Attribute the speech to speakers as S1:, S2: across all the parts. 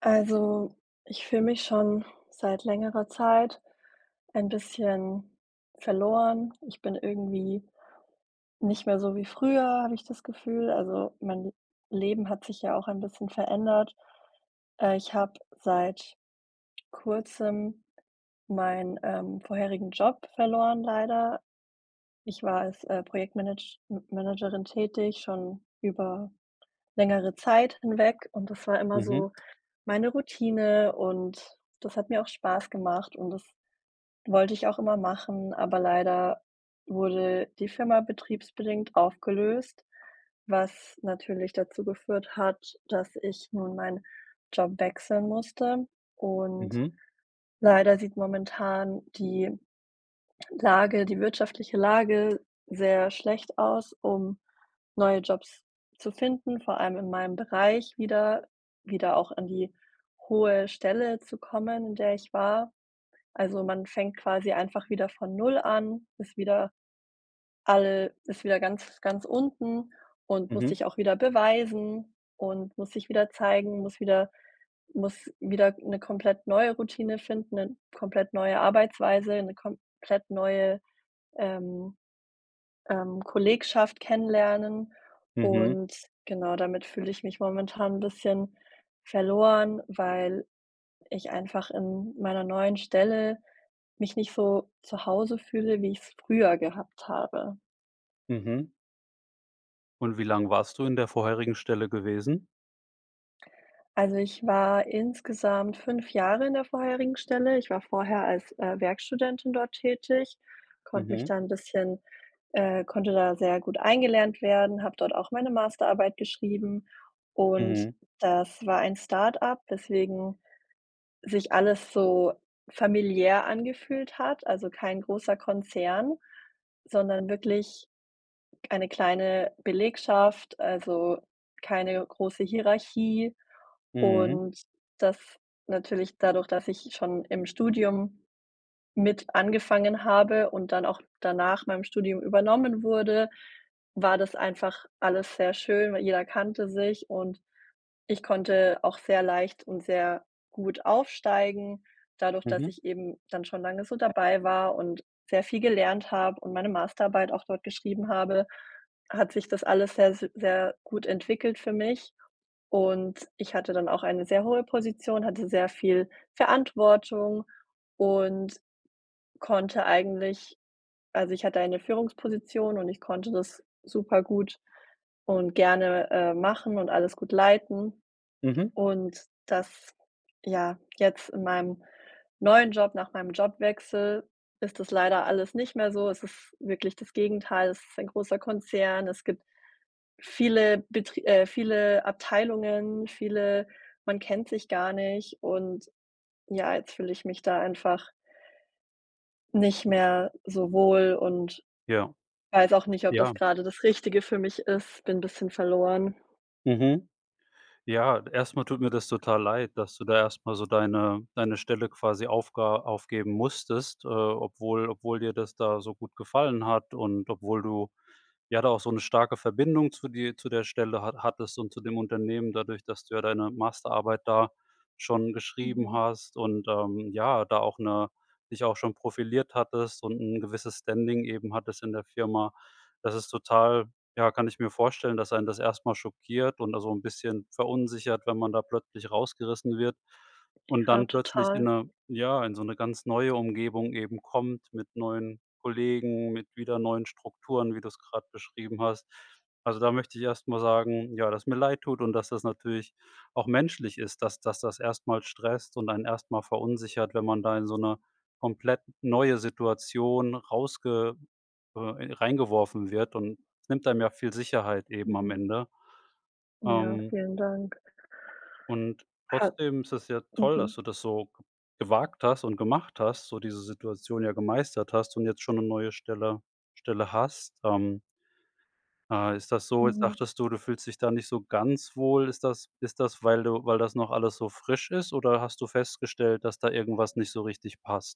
S1: Also, ich fühle mich schon seit längerer Zeit ein bisschen verloren. Ich bin irgendwie nicht mehr so wie früher, habe ich das Gefühl. Also, mein Leben hat sich ja auch ein bisschen verändert. Äh, ich habe seit Kurzem meinen, ähm, vorherigen Job verloren, leider. Ich war als, äh, Projektmanage M Managerin tätig schon über längere Zeit hinweg und das war immer
S2: Mhm.
S1: so meine Routine und das hat mir auch Spaß gemacht und das wollte ich auch immer machen, aber leider wurde die Firma betriebsbedingt aufgelöst, was natürlich dazu geführt hat, dass ich nun meinen Job wechseln musste. Und
S2: Mhm.
S1: leider sieht momentan die Lage die wirtschaftliche Lage sehr schlecht aus, um neue Jobs zu finden, vor allem in meinem Bereich wieder wieder auch an die hohe Stelle zu kommen, in der ich war. Also, man fängt quasi einfach wieder von 0 an, ist wieder all ist wieder ganz, ganz unten und muss
S2: Mhm.
S1: sich auch wieder beweisen und muss sich wieder zeigen, muss wieder muss wieder 'ne komplett neue Routine finden, 'ne komplett neue Arbeitsweise, 'ne komplett neue, ähm, ähm, Kollegschaft kennenlernen
S2: Mhm.
S1: und genau, damit fühle ich mich momentan 'n bisschen verloren, weil ich einfach in meiner neuen Stelle mich nicht so zu Hause fühle, wie ich's früher gehabt habe.
S2: Mhm. Und wie lang warst du in der vorherigen Stelle gewesen?
S1: Also, ich war insgesamt 5 Jahre in der vorherigen Stelle. Ich war vorher als, äh, Werkstudentin dort tätig, konnte mich
S2: Mhm.
S1: da 'n bisschen, äh konnte da sehr gut eingelernt werden, habe dort auch meine Masterarbeit geschrieben und
S2: Mhm.
S1: das war ein Start-Up, weswegen sich alles so familiär angefühlt hat, also, kein großer Konzern, sondern wirklich eine kleine Belegschaft, also, keine große Hierarchie.
S2: Mhm.
S1: Und das natürlich dadurch, dass ich schon im Studium mit angefangen habe und dann auch danach meinem Studium übernommen wurde, war das einfach alles sehr schön, weil jeder kannte sich und ich konnte auch sehr leicht und sehr gut aufsteigen. Dadurch, dass
S2: Mhm.
S1: ich eben dann schon lange so dabei war und sehr viel gelernt habe und meine Masterarbeit auch dort geschrieben habe, hat sich das alles sehr, s sehr gut entwickelt für mich und ich hatte dann auch eine sehr hohe Position, hatte sehr viel Verantwortung und konnte eigentlich also, ich hatte eine Führungsposition und ich konnte das super-gut und gerne, äh, machen und alles gut leiten.
S2: Mhm.
S1: Und das ja, jetzt in meinem neuen Job, nach meinem Jobwechsel, ist das leider alles nicht mehr so. Es ist wirklich das Gegenteil, es ist ein großer Konzern, es gibt viele betri äh, viele Abteilungen, viele man kennt sich gar nicht und, ja, jetzt fühle ich mich da einfach nicht mehr so wohl und
S2: Ja,
S1: weiß auch nicht, ob
S2: ja.
S1: das grade das Richtige für mich ist. Bin bisschen verloren.
S2: Mhm. Ja, erst mal tut mir das total leid, dass du da erst mal so deine deine Stelle quasi aufga aufgeben musstest, äh, obwohl obwohl dir das da so gut gefallen hat und obwohl du, ja, da auch so 'ne starke Verbindung zu dir zu der Stelle ha hattest und zu dem Unternehmen dadurch, dass du ja deine Masterarbeit da schon geschrieben
S1: Mhm.
S2: hast und, ähm, ja, da auch 'ne dich auch schon profiliert hattest und 'n gewisses Standing eben hattest in der Firma. Das ist total, ja, kann ich mir vorstellen, dass einen das erst mal schockiert und da so 'n bisschen verunsichert, wenn man da plötzlich rausgerissen wird. Und
S1: Ja,
S2: dann plötzlich in
S1: total.
S2: 'ner ja, in so 'ne ganz neue Umgebung eben kommt mit neuen Kollegen, mit wieder neuen Strukturen, wie du's grade beschrieben hast. Also, da möchte ich erst mal sagen, ja, dass mir leid tut und dass das natürlich auch menschlich ist, dass dass das erst mal stresst und einen erst mal verunsichert, wenn man da in so 'ner komplett neue Situation rausge äh, e reingeworfen wird und nimmt einem ja viel Sicherheit eben am
S1: Mhm.
S2: Ende.
S1: Ja,
S2: Ähm
S1: vielen Dank.
S2: und
S1: Ha
S2: trotzdem ist das ja toll, dass
S1: Mhm.
S2: du das so gewagt hast und gemacht hast, so diese Situation ja gemeistert hast und jetzt schon 'ne neue Stelle Stelle hast. Ähm äh, ist das so jetzt
S1: Mhm.
S2: sagtest du, „du fühlst dich da nicht so ganz wohl.“ Ist das ist das, weil du weil das noch alles so frisch ist oder hast du festgestellt, dass da irgendwas nicht so richtig passt?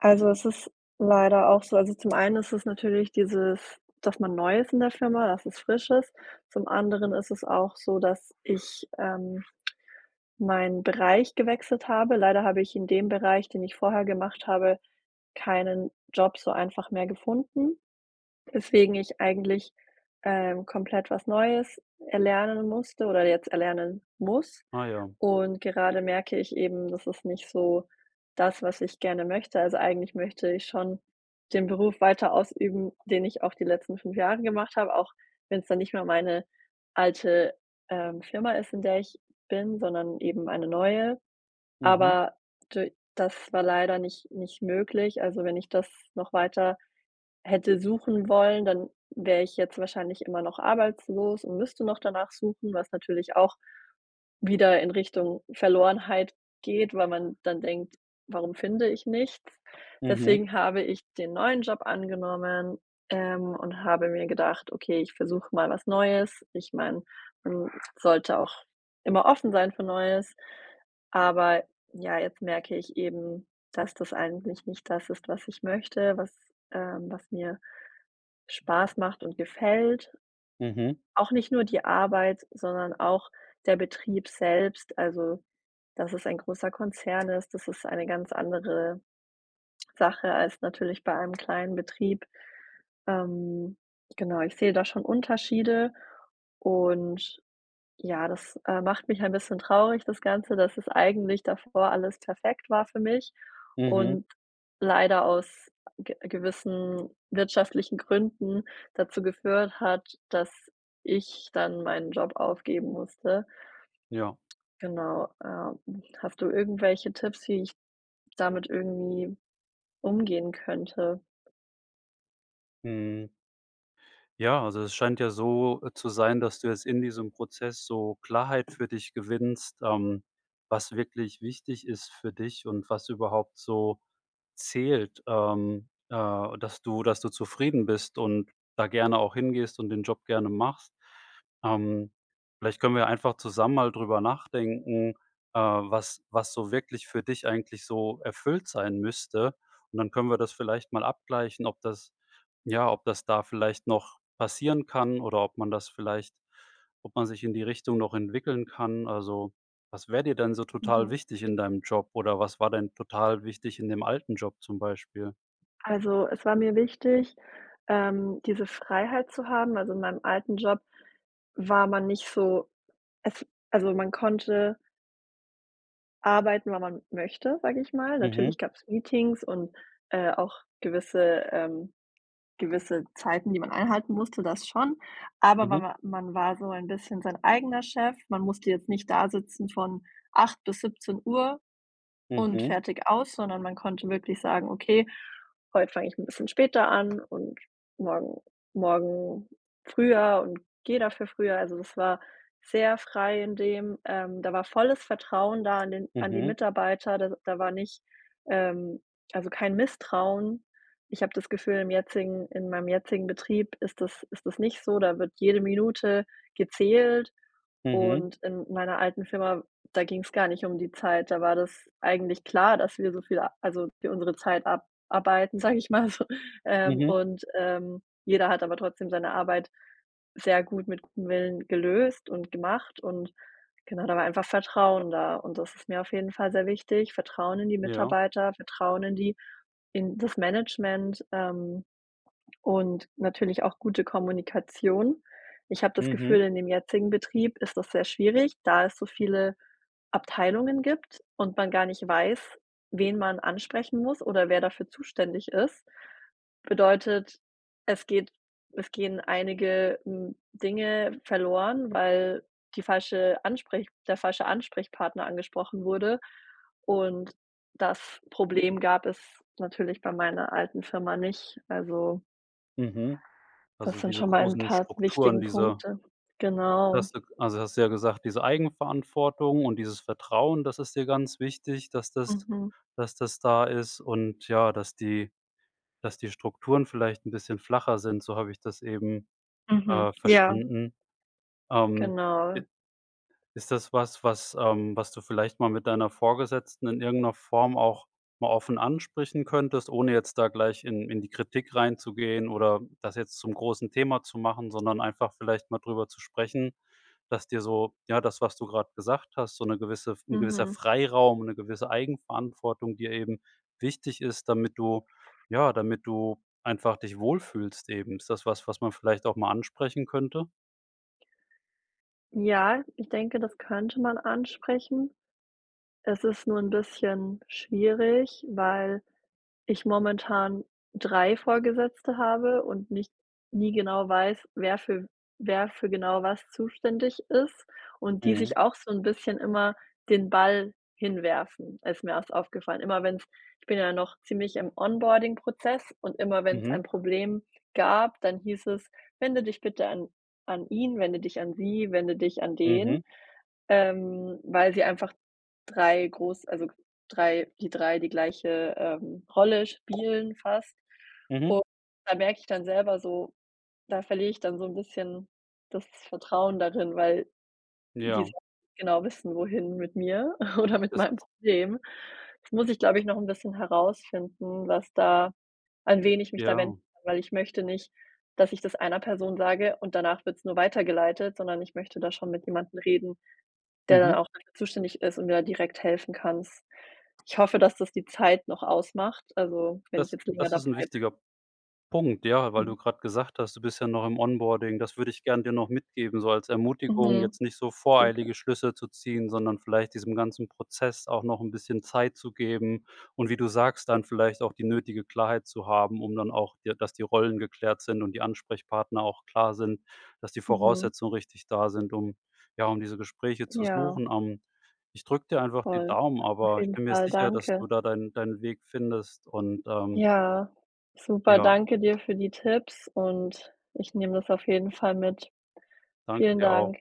S1: Also, es ist leider auch so also zum einen ist es natürlich dieses, dass man neu ist in der Firma, dass es frisch ist. Zum anderen ist es auch so, dass ich, ähm, meinen Bereich gewechselt habe. Leider habe ich in dem Bereich, den ich vorher gemacht habe, keinen Job so einfach mehr gefunden, weswegen ich eigentlich, äh, komplett was Neues erlernen musste oder jetzt erlernen muss
S2: Ah, ja.
S1: und gerade merke ich eben, das ist nicht so das, was ich gerne möchte. Also, eigentlich möchte ich schon den Beruf weiter ausüben, den ich auch die letzten 5 Jahre gemacht habe, auch wenn es dann nicht mehr meine alte, ähm, Firma ist, in der ich bin, sondern eben eine neue.
S2: Mhm.
S1: Aber d das war leider nicht nicht möglich. Also, wenn ich das noch weiter hätte suchen wollen, dann wäre ich jetzt wahrscheinlich immer noch arbeitslos und müsste noch danach suchen, was natürlich auch wieder in Richtung Verlorenheit geht, weil man dann denkt: „Warum finde ich nichts?“
S2: Mhm.
S1: Deswegen habe ich den neuen Job angenommen, ähm, und habe mir gedacht: „Okay, ich versuche mal was Neues.“ Ich meine, man sollte auch immer offen sein für Neues, aber ja, jetzt merke ich eben, dass das eigentlich nicht das ist, was ich möchte, was ähm, was mir Spaß macht und gefällt.
S2: Mhm.
S1: Auch nicht nur die Arbeit, sondern auch der Betrieb selbst, also dass es ein großer Konzern ist. Das ist eine ganz andere Sache als natürlich bei einem kleinen Betrieb. Ähm, genau, ich sehe da schon Unterschiede und ja, das, äh, macht mich ein bisschen traurig, das Ganze, dass es eigentlich davor alles perfekt war für mich
S2: Mhm.
S1: und leider aus ge gewissen wirtschaftlichen Gründen dazu geführt hat, dass ich dann meinen Job aufgeben musste.
S2: Ja.
S1: Genau, ähm. Hast du irgendwelche Tipps, die ich damit irgendwie umgehen könnte?
S2: Mhm. Ja, also es scheint ja so, äh, zu sein, dass du jetzt in diesem Prozess so Klarheit für dich gewinnst, ähm, was wirklich wichtig ist für dich und was überhaupt so zählt, ähm, äh, dass du dass du zufrieden bist und da gerne auch hingehst und den Job gerne machst. Ähm, vielleicht können wir einfach zusammen mal drüber nachdenken, äh, was was so wirklich für dich eigentlich so erfüllt sein müsste. Und dann können wir das vielleicht mal abgleichen, ob das ja, ob das da vielleicht noch passieren kann oder ob man das vielleicht ob man sich in die Richtung noch entwickeln kann. Also, was wäre dir denn so total
S1: Mhm.
S2: wichtig in deinem Job oder was war denn total wichtig in dem alten Job zum Beispiel?
S1: Also es war mir wichtig, ähm, diese Freiheit zu haben also, in meinem alten Job war man nicht so es also, man konnte arbeiten, wann man möchte, sag ich mal.
S2: Mhm.
S1: Natürlich gab's Meetings und, äh, auch gewisse ähm, gewisse Zeiten, die man einhalten musste, das schon. Aber
S2: Mhm.
S1: mawa man war so ein bisschen sein eigener Chef. Man musste jetzt nicht dasitzen von 8:00 bis 17:00 und
S2: Mhm.
S1: fertig aus, sondern man konnte wirklich sagen: „Okay, heut fange ich 'n bisschen später an und morgen morgen früher und gehe dafür früher.“ Also das war sehr frei in dem, ähm da war volles Vertrauen da an den an die
S2: Mhm.
S1: Mitarbeiter, da da war nicht, ähm also kein Misstrauen. Ich habe das Gefühl im jetzigen in meinem jetzigen Betrieb ist das ist das nicht so, da wird jede Minute gezählt
S2: Mhm.
S1: und in meiner alten Firma, da ging's gar nicht um die Zeit. Da war das eigentlich klar, dass wir so viel also für unsere Zeit abarbeiten, sage ich mal so. Ähm,
S2: Mhm.
S1: und, ähm, jeder hat aber trotzdem seine Arbeit sehr gut mit gutem Willen gelöst und gemacht und genau da war einfach Vertrauen da und das ist mir auf jeden Fall sehr wichtig. Vertrauen in die
S2: Ja.
S1: Mitarbeiter, Vertrauen in die in das Management, ähm, und natürlich auch gute Kommunikation. Ich habe das Gefühl,
S2: Mhm.
S1: in dem jetzigen Betrieb ist das sehr schwierig, da es so viele Abteilungen gibt und man gar nicht weiß, wen man ansprechen muss oder wer dafür zuständig ist. Bedeutet, es geht es gehen einige, hm, Dinge verloren, weil die falsche Ansprech der falsche Ansprechpartner angesprochen wurde und das Problem gab es natürlich bei meiner alten Firma nicht, also
S2: Mhm,
S1: das
S2: also
S1: sind
S2: diese
S1: schon mal ein
S2: großen
S1: paar
S2: Strukturen,
S1: wichtigen
S2: diese
S1: Punkte. Genau.
S2: dass du also hast du ja gesagt, diese Eigenverantwortung und dieses Vertrauen, das ist dir ganz wichtig, dass das
S1: Mhm.
S2: dass das da ist und ja, dass die dass die Strukturen vielleicht 'n bisschen flacher sind, so habe ich das eben,
S1: Mhm,
S2: äh,
S1: ja.
S2: verstanden. Ähm,
S1: Genau.
S2: i ist das was, was ähm, was du vielleicht mal mit deiner Vorgesetzten in irgendeiner Form auch mal offen ansprechen könntest, ohne jetzt da gleich in in die Kritik reinzugehen oder das jetzt zum großen Thema zu machen, sondern einfach vielleicht mal drüber zu sprechen. Dass dir so ja, das, was du gerade gesagt hast, so 'ne gewisse F 'n gewisser
S1: Mhm.
S2: Freiraum und 'ne gewisse Eigenverantwortung dir eben wichtig ist, damit du ja, damit du einfach dich wohlfühlst eben. Ist das was, was man vielleicht auch mal ansprechen könnte?
S1: Ja, ich denke, das könnte man ansprechen. Es ist nur 'n bisschen schwierig, weil ich momentan 3 Vorgesetzte habe und nicht nie genau weiß, wer für wer für genau was zuständig ist und die
S2: Mhm.
S1: sich auch so 'n bisschen immer den Ball hinwerfen. Ist mir erst aufgefallen. Immer wenn's ich bin ja noch ziemlich im Onboarding-Prozess und immer wenn's ein
S2: Mhm.
S1: Problem gab dann hieß es: „Wende dich bitte an an ihn wende dich an sie wende dich an
S2: Mhm.
S1: den,“ ähm, weil sie einfach 3 groß also, 3 die 3 die gleiche, ähm, Rolle spielen fast
S2: Mhm.
S1: und da merke ich dann selber so da verliere ich dann so 'n bisschen das Vertrauen darin, weil die
S2: Ja.
S1: sa genau wissen wohin mit mir oder mit
S2: Das
S1: meinem
S2: ist
S1: Problem. Das muss ich, glaube ich, noch 'n bisschen herausfinden, was da an wen ich mich da wenden
S2: Ja.
S1: [unintelligible] weil ich möchte nicht, dass ich das einer Person sage und danach wird's nur weitergeleitet, sondern ich möchte da schon mit jemandem reden, der dann
S2: Mhm.
S1: auch zuständig ist und mir da direkt helfen kann s Ich hoffe, dass, das die Zeit noch ausmacht, also, wenn ich
S2: Das
S1: jetzt länger
S2: das
S1: da
S2: ist 'n
S1: bleibe.
S2: wichtiger Punkt, ja? Weil
S1: [unintelligible]
S2: du grade gesagt hast, du bist ja noch im Onboarding, das würde ich gern dir noch mitgeben, so als Ermutigung.
S1: Mhm.
S2: Jetzt nicht so
S1: Super.
S2: voreilige Schlüsse zu ziehen, sondern vielleicht diesem ganzen Prozess auch noch 'n bisschen Zeit zu geben. Und wie du sagst, dann vielleicht auch die nötige Klarheit zu haben, um dann auch dir dass die Rollen geklärt sind und die Ansprechpartner auch klar sind, dass die
S1: Mhm.
S2: Voraussetzungen richtig da sind, um, ja um diese Gespräche zu
S1: Ja.
S2: suchen. Ähm, ich drücke dir einfach die
S1: Voll.
S2: Daumen,
S1: Auf
S2: aber ich
S1: jeden
S2: bin mir
S1: Fall,
S2: sicher, dass
S1: danke.
S2: du da deinen deinen Weg findest und ähm
S1: Ja super,
S2: ja.
S1: danke dir für die Tipps und ich nehme das auf jeden Fall mit.
S2: Danke
S1: Vielen
S2: dir auch.
S1: Dank.